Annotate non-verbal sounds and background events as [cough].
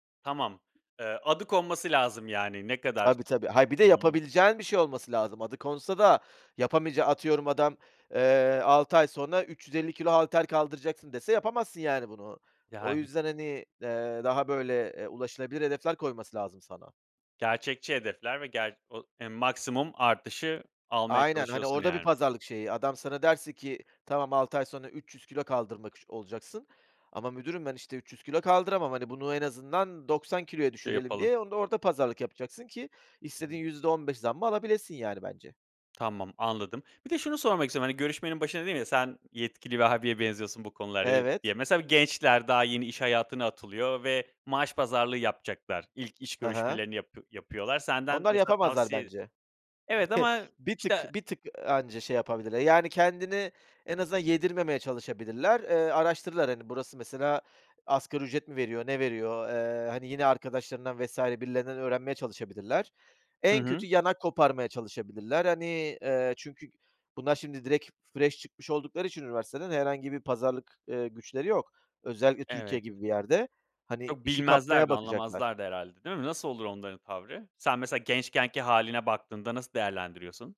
Tamam. Eee, adı konması lazım, yani. Ne kadar? Tabii, tabii, hayır bir de Hımm. yapabileceğin bir şey olması lazım. Adı konsa da yapamayacağı atıyorum adam, eee, 6 ay sonra 350 kilo halter kaldıracaksın dese yapamazsın, yani, bunu. O Yani. yüzden, hani, eee, daha böyle, eee, ulaşılabilir hedefler koyması lazım sana. Gerçekçi hedefler ve ger o eee, maksimum artışı almaya Aynen. Hani, çalışıyorsun, orada bir yani. pazarlık şeyi, adam sana derse ki, "Tamam, 6 ay sonra 300 kilo kaldırmak ş olacaksın." Ama müdürüm ben, işte, "300 kilo kaldıramam. Hani, bunu en azından 90 kiloya Ya düşürelim." yapalım. diye onu da orada pazarlık yapacaksın ki Hı hı. istediğin %15 zammı alabilesin, yani, bence. Tamam, anladım. Bir de şunu sormak istiyorum, hani, görüşmenin başında dedim ya, "Sen yetkili bir abiye benziyorsun bu konularda" diye. Evet. Ya, mesela b gençler daha yeni iş hayatına atılıyor ve maaş pazarlığı yapacaklar. İlk iş Hı hı. görüşmelerini yapı yapıyorlar. Senden Onlar mesela yapamazlar tavsiye bence. Evet, [chuckles] ama Bir tık, işte bir tık, ııı, anca şey yapabilirler. Yani, kendini en azından yedirmemeye çalışabilirler. Eee, araştırırlar. Hani, burası, mesela, asgari ücret mi veriyor, ne veriyor? Eee, hani, yine arkadaşlarından vs. birilerinden öğrenmeye çalışabilirler. Hı En hı. kötü yan hak koparmaya çalışabilirler. Hani, eee, çünkü bunlar şimdi direkt fresh çıkmış oldukları için üniversiteden herhangi bir pazarlık, eee, güçleri yok. Özellikle Türkiye Evet. gibi bir yerde. Hani, Çok işi bilmezler kapmaya de, bakacaklar. anlamazlar da herhâlde, değil mi? Nasıl olur onların tavrı? Sen mesela gençkenki hâline baktığında nasıl değerlendiriyorsun?